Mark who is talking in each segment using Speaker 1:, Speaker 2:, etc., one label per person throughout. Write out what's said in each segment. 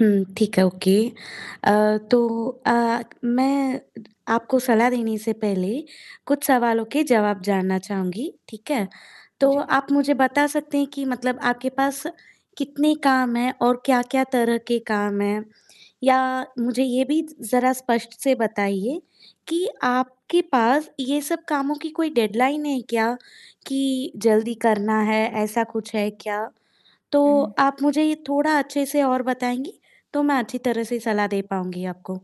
Speaker 1: हुँ, ठीक है, ओके अ, तो अ, मैं आपको सलाह देने से पहले कुछ सवालों के जवाब जानना चाहूँगी, ठीक है। तो
Speaker 2: जी।
Speaker 1: आप मुझे बता सकते हैं कि मतलब आपके पास कितने काम हैं और क्या-क्या तरह के काम हैं? या मुझे ये भी ज़रा स्पष्ट से बताइए कि आपके पास ये सब कामों की कोई डेडलाइन है क्या, कि जल्दी करना है, ऐसा कुछ है क्या? तो
Speaker 2: हुँ।
Speaker 1: आप मुझे ये थोड़ा अच्छे से और बताएँगी, तो मैं अच्छी तरह से सलाह दे पाऊँगी आपको।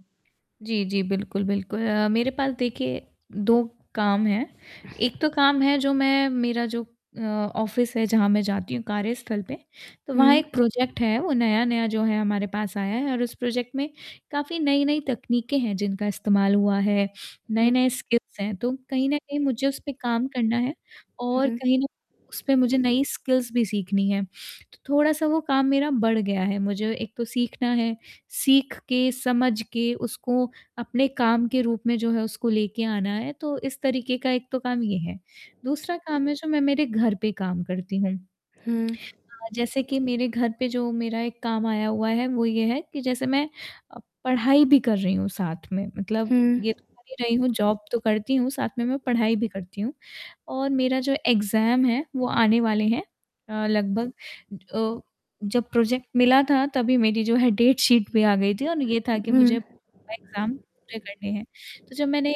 Speaker 2: जी, जी बिल्कुल, बिल्कुल अ, मेरे पास देखिए 2 काम हैं। एक तो काम है जो मैं मेरा जो अ, ऑफ़िस है जहाँ मैं जाती हूँ कार्यस्थल पे, तो वहाँ एक
Speaker 1: हुँ।
Speaker 2: प्रोजेक्ट है। वो नया-नया जो है हमारे पास आया है और उस प्रोजेक्ट में काफ़ी नई-नई तकनीकें हैं जिनका इस्तेमाल हुआ है,
Speaker 1: हुँ।
Speaker 2: नए-नए स्किल्स हैं तो कहीं न कहीं मुझे उस पे काम करना है और
Speaker 1: हुँ।
Speaker 2: कहीं ना उस पे मुझे नई स्किल्स भी सीखनी हैं, तो थोड़ा-सा वो काम मेरा बढ़ गया है। मुझे एक तो सीखना है, सीख के समझ के उसको अपने काम के रूप में जो है उसको लेके आना है, तो इस तरीक़े का एक तो काम ये है। दूसरा काम है जो मैं मेरे घर पे काम करती हूँ।
Speaker 1: हुँ।
Speaker 2: अ, जैसे कि मेरे घर पे जो मेरा एक काम आया हुआ है, वो ये है कि जैसे मैं अ, पढ़ाई भी कर रही हूँ साथ में मतलब
Speaker 1: हुँ।
Speaker 2: ये तो कर ही रही हूँ जॉब तो करती हूँ, साथ में मैं पढ़ाई भी करती हूँ, और मेरा जो एग्ज़ाम है वो आने वाले हैं। अ, लगभग अ, जब प्रोजेक्ट मिला था तभी मेरी जो है डेट शीट भी आ गई थी और ये था
Speaker 1: उ,
Speaker 2: कि मुझे
Speaker 1: हुँ।
Speaker 2: एग्ज़ाम पूरे करने हैं। तो जब मैंने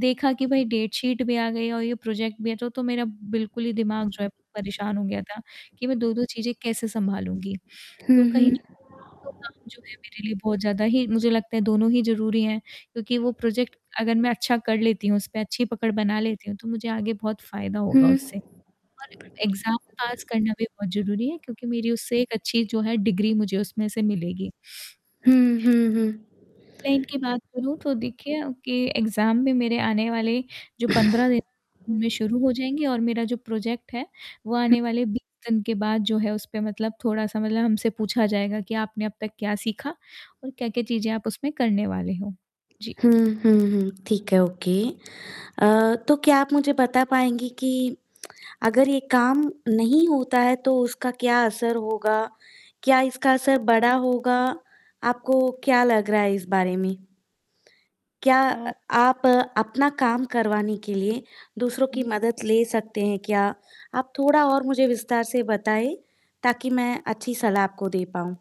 Speaker 2: देखा कि भाई डेट शीट भी आ गई और ये प्रोजेक्ट भी है तो, तो मेरा बिल्कुल ही दिमाग जो है परेशान हो गया था, कि मैं 2-2 चीज़ें कैसे सँभालूँगी।
Speaker 1: हुँ,
Speaker 2: तो कहीं
Speaker 1: हुँ।
Speaker 2: तो काम जो है मेरे लिए बहुत ज़्यादा ही मुझे लगता है दोनों ही ज़रूरी हैं, क्योंकि वो प्रोजेक्ट अगर मैं अच्छा कर लेती हूँ, उस पे अच्छी पकड़ बना लेती हूँ तो मुझे आगे बहुत फ़ायदा
Speaker 1: हुँ।
Speaker 2: होगा उससे। और एग्ज़ाम पास करना भी बहुत ज़रूरी है क्योंकि मेरी उससे एक अच्छी जो है डिग्री मुझे उसमें से मिलेगी।
Speaker 1: हुँ, हुँ, हुँ।
Speaker 2: क्लाइंट की बात करूँ तो देखिए कि एग्ज़ाम भी मेरे आने वाले जो 15 दिन में शुरू हो जाएँगे और मेरा जो प्रोजेक्ट है, वो
Speaker 1: हुँ।
Speaker 2: आने वाले 20 दिन के बाद जो है उस पे मतलब थोड़ा-सा मतलब हमसे पूछा जाएगा कि आपने अब तक क्या सीखा और क्या-क्या चीज़ें आप उसमें करने वाले हो। जी।
Speaker 1: हुँ, हुँ, हुँ, ठीक है, ओके अ, तो क्या आप मुझे बता पाएँगी कि अगर ये काम नहीं होता है तो उसका क्या असर होगा? क्या इसका असर बड़ा होगा? आपको क्या लग रहा है इस बारे में? क्या अ,
Speaker 2: अ
Speaker 1: आप अपना काम करवाने के लिए दूसरों की
Speaker 2: हुँ।
Speaker 1: मदद ले सकते हैं क्या? आप थोड़ा और मुझे विस्तार से बताएँ ताकि मैं अच्छी सलाह आपको दे पाऊँ।